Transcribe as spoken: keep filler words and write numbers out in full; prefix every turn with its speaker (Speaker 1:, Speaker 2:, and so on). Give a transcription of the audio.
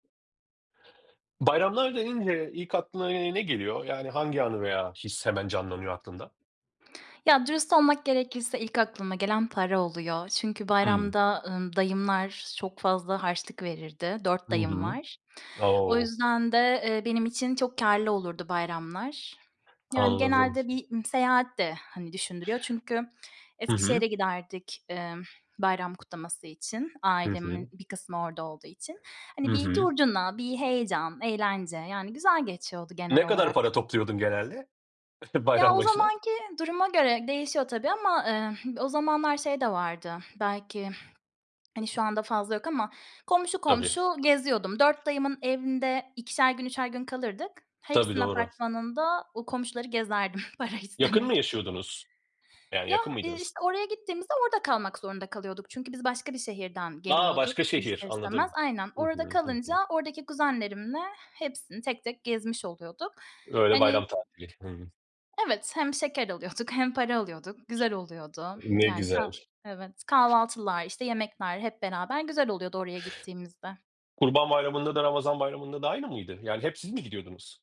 Speaker 1: Bayramlar denince ilk aklına, iii, ne geliyor? Yani hangi anı veya his hemen canlanıyor aklında?
Speaker 2: Ya, dürüst olmak gerekirse ilk aklıma gelen para oluyor çünkü
Speaker 1: Hımm.
Speaker 2: bayramda, ımm, dayımlar çok fazla harçlık verirdi. dört
Speaker 1: Hı
Speaker 2: dayım
Speaker 1: hı.
Speaker 2: var. O
Speaker 1: O!
Speaker 2: yüzden de, eee, benim için çok kârlı olurdu bayramlar. Yani
Speaker 1: Anladım.
Speaker 2: genelde bir, ımm, seyahat de, hani, düşündürüyor çünkü
Speaker 1: Hı hı.
Speaker 2: Eskişehir'e giderdik, emm, bayram kutlaması için,
Speaker 1: Hı
Speaker 2: ailemin
Speaker 1: hı.
Speaker 2: bir kısmı orada olduğu için.
Speaker 1: Hı
Speaker 2: Hani, bir
Speaker 1: hı.
Speaker 2: curcuna, bir heyecan, eğlence, yani güzel geçiyordu genel
Speaker 1: Ne kadar
Speaker 2: olarak.
Speaker 1: para topluyordun genelde?
Speaker 2: Ya,
Speaker 1: Bayram
Speaker 2: o
Speaker 1: başına.
Speaker 2: zamanki duruma göre değişiyor, tabii, ama, ıh, o zamanlar şey de vardı, belki, hani, şu anda fazla yok ama komşu
Speaker 1: Tabii.
Speaker 2: komşu geziyordum. dört dayımın evinde ikişer gün, üçer gün kalırdık.
Speaker 1: Tabii,
Speaker 2: Hepsinin
Speaker 1: doğru.
Speaker 2: apartmanında o komşuları gezerdim para
Speaker 1: Yakın mı
Speaker 2: istemek için.
Speaker 1: yaşıyordunuz? Yani
Speaker 2: Ya,
Speaker 1: yakın
Speaker 2: ııı,
Speaker 1: mıydınız?
Speaker 2: işte, oraya gittiğimizde orada kalmak zorunda kalıyorduk çünkü biz başka bir şehirden
Speaker 1: A!
Speaker 2: geliyorduk,
Speaker 1: Başka şehir,
Speaker 2: ister istemez.
Speaker 1: anladım.
Speaker 2: Aynen,
Speaker 1: Hı
Speaker 2: orada
Speaker 1: hı. Hı
Speaker 2: kalınca
Speaker 1: hı.
Speaker 2: oradaki kuzenlerimle hepsini tek tek gezmiş oluyorduk.
Speaker 1: Öyle
Speaker 2: Hani
Speaker 1: bayram tatili. Hıı.
Speaker 2: Evet, hem şeker alıyorduk hem para alıyorduk. Güzel oluyordu.
Speaker 1: Ne
Speaker 2: Yani kah
Speaker 1: güzel.
Speaker 2: Evet, kahvaltılar, işte, yemekler hep beraber güzel oluyordu oraya gittiğimizde.
Speaker 1: Kurban Bayram'ında da Ramazan Bayram'ında da aynı mıydı? Yani hep siz mi gidiyordunuz?